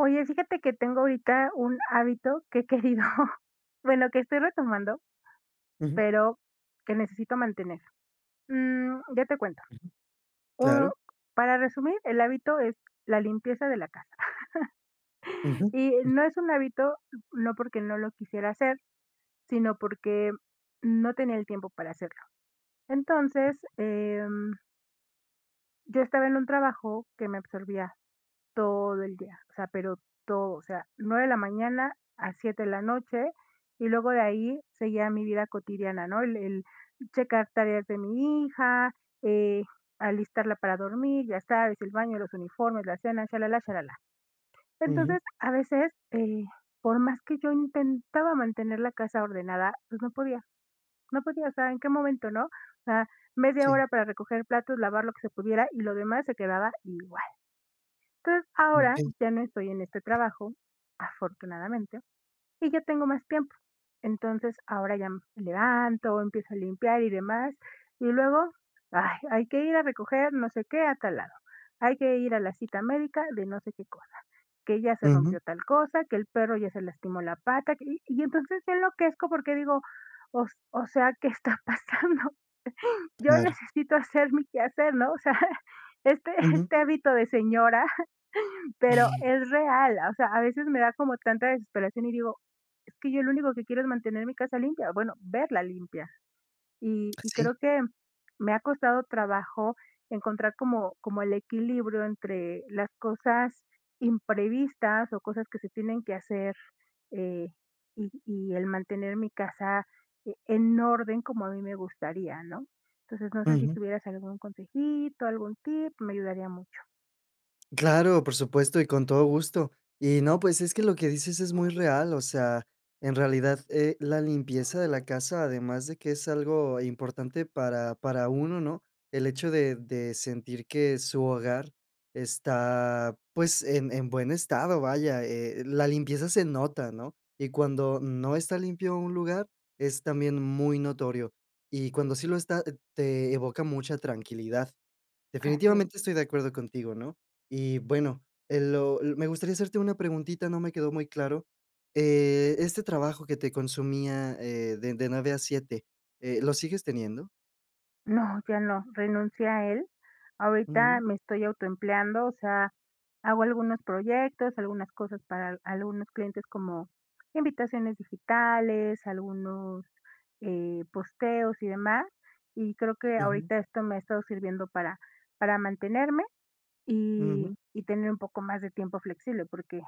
Oye, fíjate que tengo ahorita un hábito que he querido bueno, que estoy retomando, Ujú. pero que necesito mantener. Mm, ya te cuento. Ujú. Oh, Claro. para resumir, el hábito es la limpieza de la casa. Ujú, Y ujú. no es un hábito, no porque no lo quisiera hacer, sino porque no tenía el tiempo para hacerlo. Entonces, em yo estaba en un trabajo que me absorbía todo el día. O sea, pero todo. O sea, 9 de la mañana a 7 de la noche, y luego de ahí seguía mi vida cotidiana, ¿no? El el checar tareas de mi hija, eh, alistarla para dormir, ya sabes, el baño, los uniformes, la cena, chalalá, chalalá. Ujú. Entonces, a veces, eh, por más que yo intentaba mantener la casa ordenada, pues, no podía. No podía, o sea, en qué momento, ¿no? O sea, media Sí. hora para recoger platos, lavar lo que se pudiera, y lo demás se quedaba igual. Entonces, ahora Okey. ya no estoy en este trabajo, afortunadamente, y ya tengo más tiempo. Entonces, ahora ya me levanto, empiezo a limpiar y demás, y luego, ay, hay que ir a recoger no sé qué a tal lado. Hay que ir a la cita médica de no sé qué cosa, que ya se Ujú. rompió tal cosa, que el perro ya se lastimó la pata, que, y entonces se enloquezco porque digo: "O s o sea, ¿qué está pasando?". Yo Claro. necesito hacer mi quehacer, ¿no? O sea, este Ujú. este hábito de señora, pero Mm. es real, o sea, a veces me da como tanta desesperación, y digo: "Es que yo lo único que quiero es mantener mi casa limpia, bueno, verla limpia". Y Ah, y sí. creo que me ha costado trabajo encontrar como como el equilibrio entre las cosas imprevistas o cosas que se tienen que hacer, eh, y y el mantener mi casa e en orden como a mí me gustaría, ¿no? Entonces, no sé, si Ujú. tuvieras algún consejito, algún tip, me ayudaría mucho. Claro, por supuesto, y con todo gusto. Y no, pues, es que lo que dices, es muy real. O sea, en realidad, eh, la limpieza de la casa, además de que es algo importante para para uno, ¿no? El hecho de de sentir que su hogar está, pues, en en buen estado, vaya, eh, la limpieza se nota, ¿no? Y cuando no está limpio un lugar, es también, muy notorio. Y cuando sí lo está, eh, te evoca mucha tranquilidad. Así es. Definitivamente, estoy de acuerdo contigo, ¿no? Y bueno, eh, lo l Me gustaría hacerte una preguntita, no me quedó muy claro. Eh, este trabajo que te consumía, eh, de de 9 a 7, eh, ¿lo sigues teniendo? No, ya no, renuncié a él. Ahorita, Ujú. me estoy auto empleando, o sea, hago algunos proyectos, algunas cosas para al algunos clientes, como invitaciones digitales, algunos, eh, posteos, y demás. Y creo, que Ujú. ahorita, esto me ha estado sirviendo para para mantenerme, y Ujú. y tener un poco más de tiempo flexible, porque,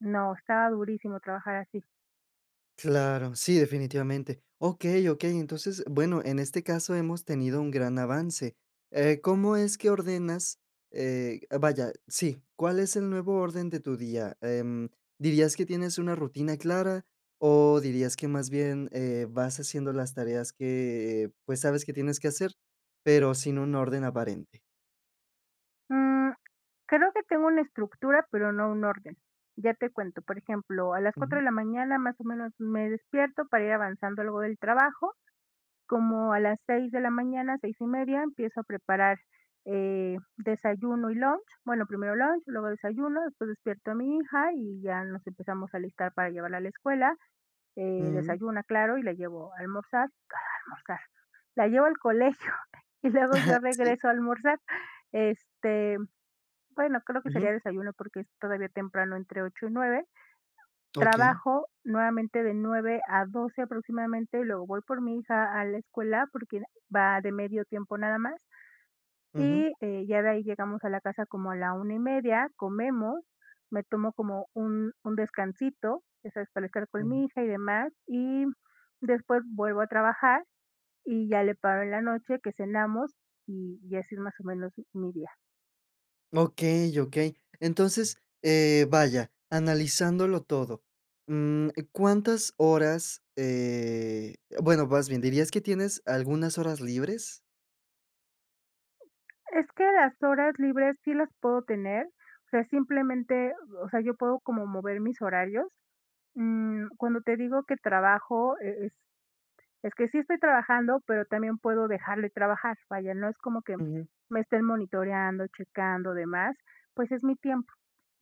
no. Estaba durísimo, trabajar así. Claro, sí, definitivamente. Okey, okey, entonces, bueno, en este caso hemos tenido un gran avance. Eh, ¿cómo es que ordenas? Eh, vaya. Sí. ¿Cuál es el nuevo orden de tu día? Em, ¿dirías que tienes una rutina clara? O, dirías que más bien, eh, vas haciendo las tareas que pues, sabes que tienes que hacer, pero sin un orden aparente. Mm, creo que tengo una estructura, pero no un orden. Ya te cuento, por ejemplo, a las 4 Ujú. de la mañana, más o menos, me despierto, para ir avanzando algo del trabajo. Como a las 6 de la mañana, 6:30, empiezo a preparar, eh, desayuno y lunch. Bueno, primero lunch, luego desayuno. Después, despierto a mi hija, y ya nos empezamos a alistar, para llevarla a la escuela. Eh, Ujú. desayuna, claro, y la llevo a almorzar ¿Cuál a almorzar?, la llevo al colegio. Y luego, yo Sí. regreso a almorzar. Este, bueno, creo que Ujú. sería desayuno, porque es todavía temprano, entre 8 y 9. Okey. Trabajo nuevamente, de 9 a 12 aproximadamente. Luego, voy por mi hija, a la escuela, porque va de medio tiempo, nada más. Ujú. Y, eh, ya de ahí, llegamos a la casa, como a la 1:30. Comemos, me tomo como un un descansito, eso es para estar con Ujú. mi hija, y demás. Y, después, vuelvo a trabajar, y ya le paro en la noche, que cenamos. Y, y así, es, más o menos, mi día. Okey, okey. Entonces, eh, vaya, analizándolo todo, mm, ¿cuántas horas? Eh, bueno, vas bien, ¿dirías que tienes algunas horas libres? Es que las horas libres sí las puedo tener, o sea, simplemente, o sea, yo puedo como mover mis horarios, mm, cuando te digo que trabajo eh, es que sí estoy trabajando, pero también puedo dejar de trabajar, vaya no es como que Ujú. me estén monitoreando, checando, demás, pues, es mi tiempo.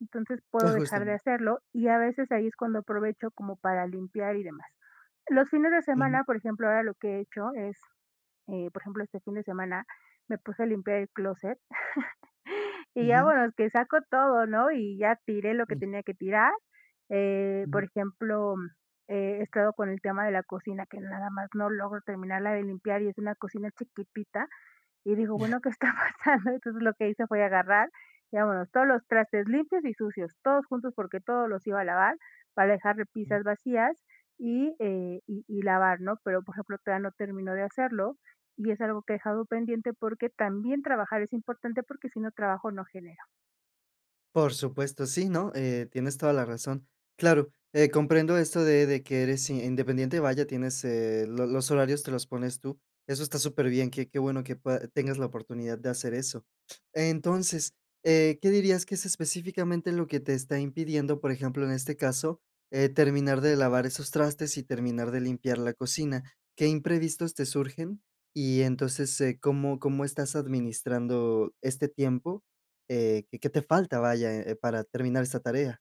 Entonces, puedo dejar de Ajustan. hacerlo, y a veces ahí es cuando aprovecho como para limpiar y demás. Los fines de Ujú. semana, por ejemplo, ahora lo que he hecho es, eh, por ejemplo, este fin de semana me puse a limpiar el clóset. Y ya Ujú. bueno, que saco todo, ¿no? Y ya tiré lo que Mm. tenía que tirar, eh, por Ujú. ejemplo, he estado con el tema de la cocina, que nada más no logro terminarla de limpiar y es una cocina chiquitita, y digo: Ya. "Bueno ¿qué está pasando?". Entonces, lo que hice fue agarrar, digamos todos los trastes limpios y sucios, todos juntos, porque todos los iba a lavar para dejar Mm. repisas vacías, y, eh, y y lavar, ¿no? Pero, por ejemplo, todavía no terminó de hacerlo y es algo que he dejado pendiente, porque también trabajar es importante porque si no trabajo, no genero. Por supuesto, sí, ¿no?, eh, tienes toda la razón. Claro, eh, comprendo esto de de que eres independiente, vaya, tienes, eh, lo los horarios te los pones tú. Eso está superbién, qué qué bueno que pued tengas la oportunidad, de hacer eso. Entonces, eh, ¿qué dirías que es específicamente, lo que te está impidiendo, por ejemplo, en este caso, eh, terminar de lavar esos trastes, y terminar de limpiar la cocina? ¿Qué imprevistos te surgen? Y entonces, eh, ¿cómo cómo estás administrando este tiempo? Eh, qué ¿qué te falta?, vaya, eh, para terminar esta tarea.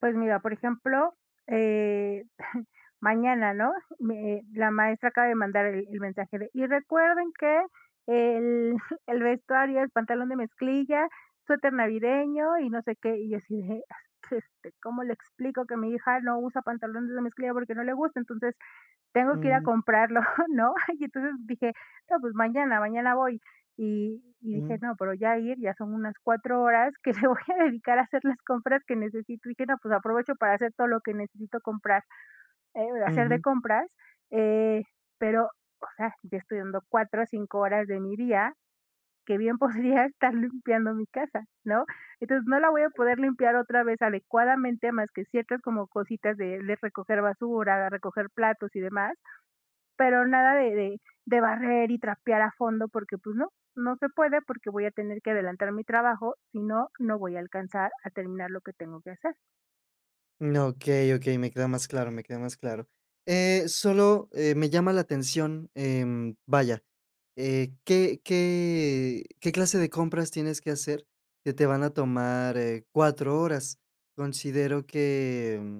Pues mira, por ejemplo, eh, mañana, ¿no? Me la maestra acaba de mandar el el mensaje, de: "Y recuerden que el el vestuario, es pantalón de mezclilla, suéter navideño, y no sé qué". Y, yo, así de: "Ah, es que este, ¿cómo le explico? Que mi hija, no usa pantalones de mezclilla, porque no le gusta". Entonces, tengo que ir a Mm. comprarlo, ¿no? Y entonces, dije: "No, pues, mañana mañana voy". Y y dije: Mm. "No, pero ya ir, ya son unas 4 horas, que me voy a dedicar, a hacer las compras que necesito". Dije: "No, pues, aprovecho para hacer todo lo que necesito comprar, eh, hacer de Ujú. compras". Eh, pero, o sea, ya estoy dando 4 a 5 horas de mi día, que bien, podría estar limpiando mi casa, ¿no? Entonces, no la voy a poder limpiar, otra vez, adecuadamente. Más que ciertas, como cositas, de le recoger basura, de recoger platos, y demás. Pero, nada de de de barrer y trapear a fondo, porque, pues, no, no se puede, porque voy a tener que adelantar mi trabajo. Si no, no voy a alcanzar a terminar, lo que tengo que hacer. Mm, okey, okey, me queda más claro, me queda más claro. Eh, solo, eh, me llama la atención, em, vaya, eh, ¿qué qué qué clase de compras tienes que hacer que te van a tomar, eh, 4 horas? Considero que, mm,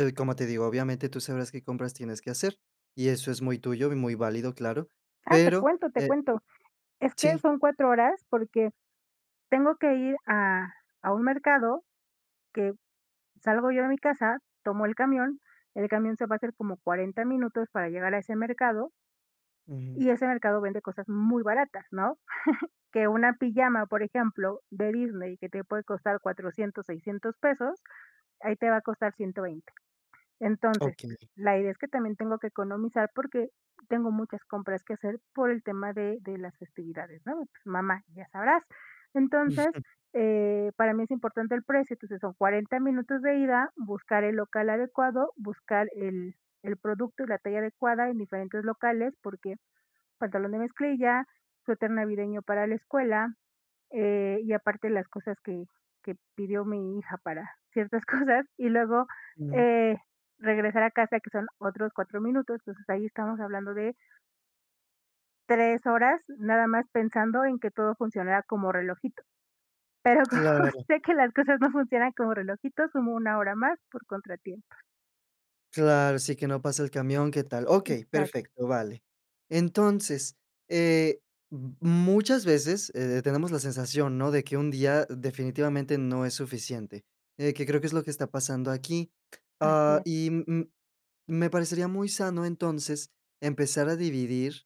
el como te digo, obviamente, tú sabrás qué compras tienes que hacer, y eso es muy tuyo y muy válido, claro, Ah, te pero, cuento, te eh, mm, cuento. Es que sí. son 4 horas, porque tengo que ir a a un mercado, que salgo yo de mi casa, tomo el camión, el camión se va a hacer como 40 minutos para llegar a ese mercado Ujú. y ese mercado vende cosas muy baratas, ¿no? Que una pijama, por ejemplo, de Disney, que te puede costar $400, $600 pesos, ahí te va a costar 120. Entonces, Okey. la idea es que también tengo que economizar, porque tengo muchas compras que hacer por el tema de de las festividades, ¿no? Mamá, ya sabrás, entonces, eh, para mí es importante el precio, entonces son 40 minutos de ida, buscar el local adecuado, buscar el el producto y la talla adecuada en diferentes locales, porque, pantalón de mezclilla, suéter navideño para la escuela, eh, y aparte las cosas que que pidió mi hija para ciertas cosas, y luego, Ujú. eh, regresar a casa, que son otros 4 minutos, entonces ahí estamos hablando de 3 horas, nada más pensando en que todo funcionara como relojito. Pero como Claro. sé que las cosas no funcionan como relojito, sumo una hora más por contratiempos. Claro, sí, que no pasa el camión, qué tal okey, Exacto. perfecto, vale. Entonces, eh, mm, muchas veces, eh, tenemos la sensación, ¿no?, de que un día, definitivamente, no es suficiente, eh, que creo que es lo que está pasando aquí. Así Ah, es. y, mm mm, me parecería muy sano, entonces, empezar a dividir,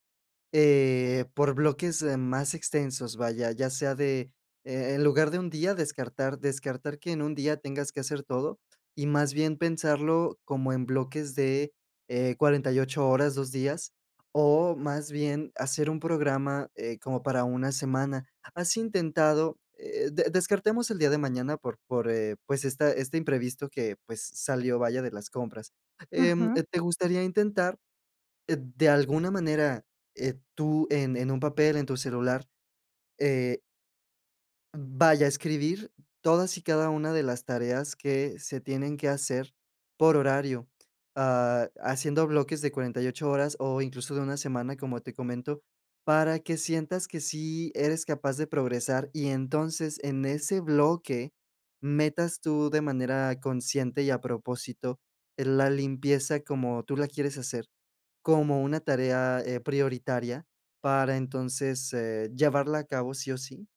eh, por bloques, am, más extensos, vaya, ya sea de, eh eh, en lugar de un día, descartar descartar que en un día tengas que hacer todo, y más bien, pensarlo como en bloques de, eh, 48 horas, 2 días, o más bien, hacer un programa, eh, como para una semana. ¿Has intentado? eh, de descartemos el día de mañana, por por, eh, pues, esta este imprevisto que, pues, salió, vaya, de las compras. Em, eh, Ujú. ¿te gustaría intentar, eh, de alguna manera, eh, tú en en un papel, en tu celular, eh vaya, escribir todas y cada una de las tareas que se tienen que hacer por horario, ah, haciendo bloques de 48 horas o incluso de una semana, como te comento, para que sientas que sí eres capaz de progresar y entonces, en ese bloque, metas tú, de manera consciente y a propósito, eh, la limpieza como tú la quieres hacer, como una tarea, eh, prioritaria, para entonces, eh, llevarla a cabo, ¿sí o sí?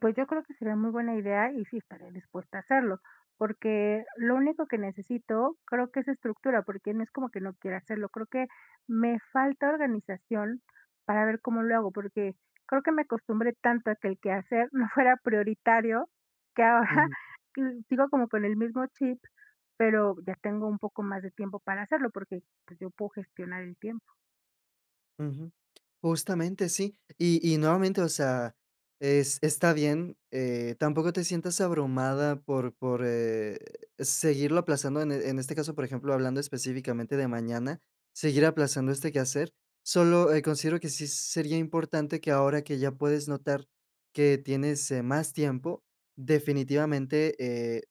Pues yo creo que sería muy buena idea y sí estaré dispuesta a hacerlo, porque lo único que necesito creo que es estructura, porque no es como que no quiera hacerlo, creo que me falta organización para ver cómo lo hago, porque creo que me acostumbré tanto a que el quehacer no fuera prioritario que ahora, Ujú. sigo como con el mismo chip, pero ya tengo un poco más de tiempo para hacerlo porque, pues, yo puedo gestionar el tiempo. Ujú, justamente sí, y y nuevamente, o sea, es está bien, eh, tampoco te sientas abrumada por por, eh, seguirlo aplazando en en este caso, por ejemplo, hablando específicamente de mañana, seguir aplazando este quehacer. Solo, eh, considero que sí sería importante que ahora que ya puedes notar que tienes, eh, más tiempo, definitivamente, eh,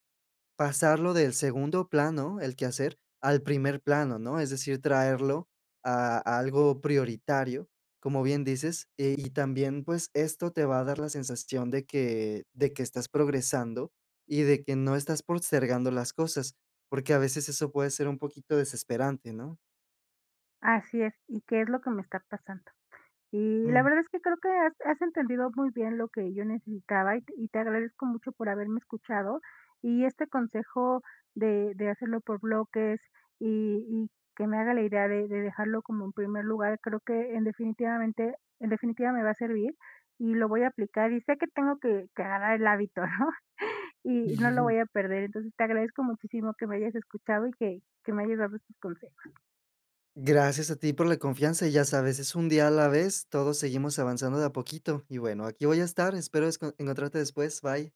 pasarlo del segundo plano, el quehacer, al primer plano, ¿no? Es decir, traerlo a a algo prioritario, como bien dices. Y y también, pues, esto te va a dar la sensación de que de que estás progresando y de que no estás postergando las cosas, porque a veces eso puede ser un poquito desesperante, ¿no? Así es, y qué es lo que me está pasando. Y la Mm. verdad es que creo que has has entendido muy bien lo que yo necesitaba y y te agradezco mucho por haberme escuchado, y este consejo de de hacerlo por bloques y y que me haga la idea de de dejarlo como, en primer lugar, creo que en definitivamente en definitiva, me va a servir y lo voy a aplicar, y sé que tengo que que agarrar el hábito, ¿no? Y no lo voy a perder, entonces te agradezco muchísimo que me hayas escuchado y que que me hayas dado estos consejos. Gracias a ti por la confianza y ya sabes, es un día a la vez, todos seguimos avanzando de a poquito. Y bueno, aquí voy a estar, espero es encontrarte después, bye.